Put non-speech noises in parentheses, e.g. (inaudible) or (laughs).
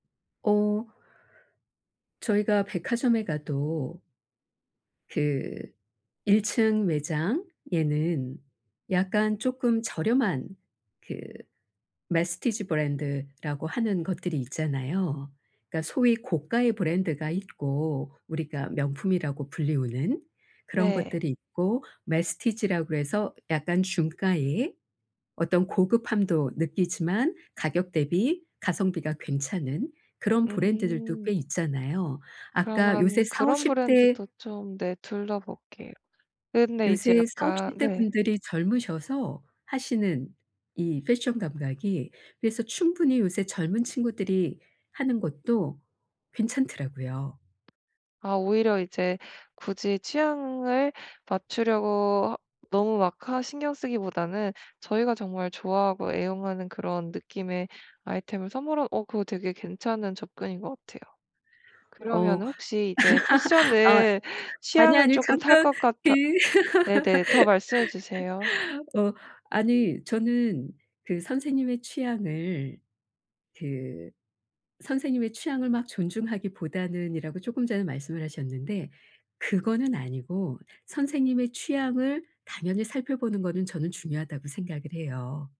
어 저희가 백화점에 가도 그 1 층 매장에는 약간 쪼끔 저렴한 그 Messtige 브랜드라고 하는 것들이 있잖아요. 그러니까 소위 고가의 브랜드가 있고 우리가 명품이라고 불리우는 그런 네. 것들이 있고 Messtige 라고 그래서 약간 중가의 어떤 고급함도 느끼지만 가격 대비 가성비가 괜찮은 그런 브랜드들도 꽤 음. 있잖아요. 아까 요새 그러면 그런 40-50 대 브랜드도 좀 네 둘러볼게요. 근데 이제 요새 약간 40-50 대 네. 분들이 젊으셔서 하시는 이 패션 감각이 그래서 충분히 요새 젊은 친구들이 하는 것도 괜찮더라고요. 아 오히려 이제 굳이 취향을 맞추려고 너무 막 하 신경 쓰기보다는 저희가 정말 좋아하고 애용하는 그런 느낌의 아이템을 선물하 어 그거 되게 괜찮은 접근인 것 같아요. 어 그러면은 혹시 이제 (laughs) 아 패션을 아니, 취향을 아니 쪼끔 탈 잠깐 것 그 같아 네네 더 말씀해 주세요. (laughs) 어 아니 저는 그 선생님의 취향을 그 선생님의 취향을 막 존중하기보다는이라고 쪼끔 전에 말씀을 하셨는데 그거는 아니고 선생님의 취향을 당연히 살펴보는 거는 저는 중요하다고 생각을 해요.